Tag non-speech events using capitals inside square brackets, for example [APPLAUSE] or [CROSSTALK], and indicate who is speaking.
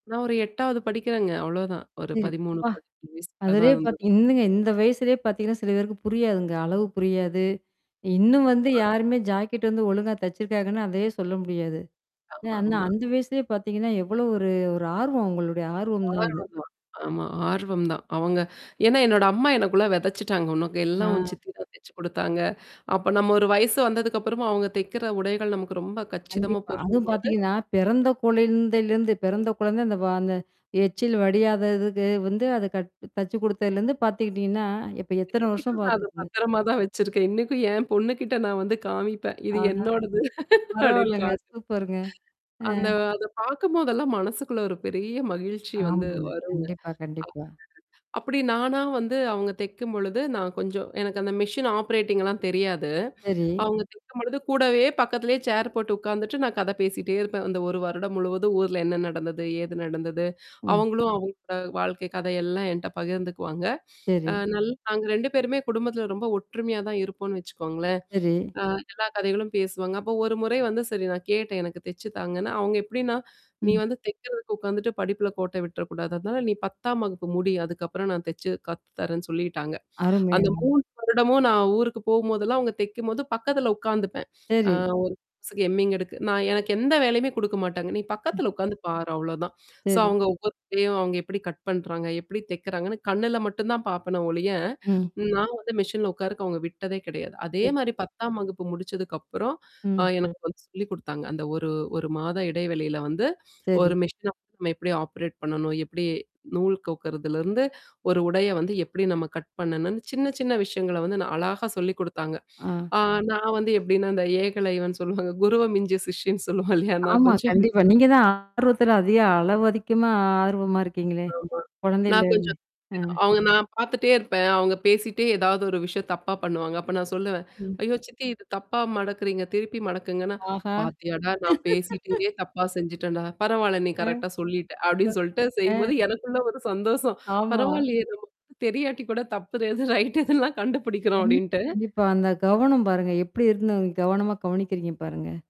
Speaker 1: நான் ஒரு 8வது படிக்கிறேங்க. அவ்வளவுதான். ஒரு
Speaker 2: சரி.
Speaker 1: பதிமூணு,
Speaker 2: ப்பா.
Speaker 1: பதிநாலு வயசுக்குள்ள தான்
Speaker 2: அதிலயே
Speaker 1: இருந்தது.
Speaker 2: பார்த்தீங்க இந்தங்க இந்த வயசுலேயே பார்த்தீங்கன்னா, சில பேருக்கு புரியாதுங்க அளவு புரியாது. இன்னும் வந்து
Speaker 1: [UNINTELLIGIBLE]
Speaker 2: யாருமே ஜாக்கெட் வந்து ஒழுங்கா தச்சிருக்காங்கன்னு அதையே சொல்ல முடியாது.
Speaker 1: ஆமா,
Speaker 2: அனா
Speaker 1: ஆமா.
Speaker 2: அந்த வயசுலேயே பார்த்தீங்கன்னா, எவ்வளோ ஒரு ஒரு ஆர்வம் உங்களுடைய ஆர்வம் தான் அது.
Speaker 1: ஆர்வம் தான். ஆமா ஆர்வம் தான். அவங்க ஏன்னா என்னோட அம்மா எனக்குள்ள வெதைச்சுட்டாங்க. உனக்கு
Speaker 2: ஆ.
Speaker 1: எல்லாம் உன் சித்தி தான் தெச்சு குடுத்தாங்க. அப்ப நம்ம ஒரு வயசு வந்ததுக்கப்புறமும் அவங்க தைக்கிற உடைகள் நமக்கு ரொம்ப கச்சிதமா
Speaker 2: கண்டிப்பா. அதுவும்
Speaker 1: பொருந்தும்பொழுது
Speaker 2: பார்த்தீங்கன்னா, பெறந்த கொழந்தலிருந்து பெறந்த கொழந்த அந்த அந்த எச்சில் வடியாததுக்கு வந்து அத க தச்சு குடுத்ததிலருந்து பார்த்துக்கிட்டீங்கன்னா, இப்ப எத்தன வருஷம்
Speaker 1: இனைக்கும் நான் அத
Speaker 2: பார்த்துக்குங்க.
Speaker 1: பத்திரமா தான் வச்சிருக்கேன். இனைக்கும் என் பொண்ணுகிட்ட நான் வந்து காமிப்பேன். இது
Speaker 2: ஆஹா.
Speaker 1: என்னோடது [LAUGHS] அப்படின்னு
Speaker 2: பரவால்லங்க.
Speaker 1: காட்டுவேன்.
Speaker 2: சூப்பருங்க. அ.
Speaker 1: அந்த அத பார்க்கும்போதெல்லாம் மனசுக்குள்ள ஒரு பெரிய மகிழ்ச்சி வந்து
Speaker 2: ஆமா.
Speaker 1: வருங்க. அ.
Speaker 2: கண்டிப்பா, கண்டிப்பா.
Speaker 1: அப்படி நானா வந்து அவங்க தெக்கும்பொழுது, நான் கொஞ்சம் எனக்கு அந்த மிஷின் ஆப்ரேட்டிங்லாம் தெரியாது.
Speaker 2: சரி.
Speaker 1: அவங்க தெக்கும்பொழுது கூடவே பக்கத்திலேயே சேர் போட்டு உட்கார்ந்துட்டு நான் கதை பேசிட்டே இருப்பேன். அந்த 1 வருடம் முழுவதும் ஊர்ல என்ன நடந்தது? ஏது நடந்தது,
Speaker 2: ம்.
Speaker 1: அவங்களும் அவங்களோட வாழ்க்கை கதையெல்லாம் என்ட்ட பகிர்ந்துக்குவாங்க [SNIFFS] அ
Speaker 2: சரி.
Speaker 1: நல்ல நாங்க 2 பேருமே குடும்பத்தில ரொம்ப ஒற்றுமையா தான் இருப்போன்னு வச்சுக்கோங்களேன்.
Speaker 2: சரி.
Speaker 1: அ எல்லா கதைகளும் பேசுவாங்க. அப்போ ஒரு முறை வந்து சரி நான் கேட்டேன். எனக்கு தெச்சு தாங்கன்னு. அவுங்க எப்படின்னா, நீ
Speaker 2: ம்.
Speaker 1: வந்து தெக்கிறதுக்கு உட்கார்ந்துட்டு படிப்புல கோட்ட விட்டுறக்கூடாது. அதனால நீ 10 ம் வகுப்பு முடி அதுக்கப்புறம் நான் தெச்சு கத்து தரேன்னு சொல்லிட்டாங்க.
Speaker 2: அருமை
Speaker 1: அந்த
Speaker 2: அருமை.
Speaker 1: 3 வருடமும் நான் ஊருக்கு போகும்போதெல்லாம் அவங்க தெக்கும்போது பக்கத்தில உட்காந்துப்பேன். அ
Speaker 2: சரி.
Speaker 1: ஒரு. எம்மிங் எடுக்கு நான் எனக்கு எந்த வேலையுமே குடுக்க மாட்டாங்க. நீ
Speaker 2: ம்.
Speaker 1: பக்கத்தல உட்கார்ந்து பாரு அவ்வளவுதான். சோ
Speaker 2: சரி.
Speaker 1: அவங்க ஒவ்வொருத்தயும் அவுங்க எப்படி கட் பண்றாங்க? எப்படி தெக்குறாங்கன்னு கண்ணுல மட்டும் தான் பார்ப்பேனே ஒழிய.
Speaker 2: ம்.
Speaker 1: நான் வந்து மெஷின்ல உட்காருக்கு அவங்க விட்டதே கெடையாது. அதே
Speaker 2: சரி.
Speaker 1: மாரி 10ம் வகுப்பு முடிச்சதுக்குப்புறம் அ
Speaker 2: ம்.
Speaker 1: எனக்கு வந்து சொல்லி் குடுத்தாங்க. அந்த ஒரு ஒரு மாத இடைவெளியில வந்து
Speaker 2: சரி.
Speaker 1: ஒரு மிஷின நம்ம எப்படி ஆப்ரேட் பண்ணணும்? எப்படி நூல் கோக்குறதுலருந்து, ஒரு உடைய வந்து எப்படி நம்ம கட் பண்ணணும்னு சின்ன சின்ன விஷயங்கள வந்து நான் அழகா சொல்லிக் குடுத்தாங்க.
Speaker 2: ஆ.
Speaker 1: ஆ நான் வந்து எப்படின்னா, இந்த ஏகலைவன் சொல்லுவாங்க. குருவ மிஞ்சின சிஷ்யன்னு சொல்லுவாங்க இல்லையா? நான்
Speaker 2: ஆமா,
Speaker 1: கொஞ்சம் அந்த மாதிரி
Speaker 2: கண்டிப்பா.
Speaker 1: தான்.
Speaker 2: நீங்க தான் ஆர்வத்தில அதிக அளவு அதிகமா ஆர்வமா இருக்கீங்களே?
Speaker 1: ஆமா. நான்
Speaker 2: கொழந்தையில இருந்து
Speaker 1: கொஞ்சம்.
Speaker 2: அ.
Speaker 1: அவங்க நான் பார்த்துட்டே இருப்பேன். அவங்க பேசிட்டே ஏதாவது ஒரு விஷயம் தப்பா பண்ணுவாங்க. அப்ப நான் சொல்லுவேன்.
Speaker 2: ம்.
Speaker 1: ஐயோ! சித்தி இது தப்பா மடக்குறீங்க. திருப்பி மடக்குங்கன்னா,
Speaker 2: ஆஹா!
Speaker 1: "பார்த்தியாடா! நான் பேசிட்டு
Speaker 2: [LAUGHS]
Speaker 1: இங்கே தப்பா செஞ்சுட்டேன்டா! பரவால்ல நீ
Speaker 2: அ,
Speaker 1: கரெக்ட்டா சொல்லிட்ட."
Speaker 2: ம்.
Speaker 1: அப்ப்டின்னு
Speaker 2: ஆ.
Speaker 1: சொல்லிட்டுசெய்யும்போது எனக்குள்ள ஒரு சந்தோஷம்.
Speaker 2: ஆமா.
Speaker 1: பரவால்லயே நமக்கு வந்து தெரியாட்டி கூட தப்பு ஏது ரைட் எதுல்லா கண்டுபிடிக்கிறோம்
Speaker 2: கண்டிப்பா.
Speaker 1: அப்படின்ட்டு
Speaker 2: கண்டிப்பா. அந்த கவனம் பாருங்க. எப்படி இருந்த நீங்க கவனமா கவனிக்கிறீங்க பாருங்க?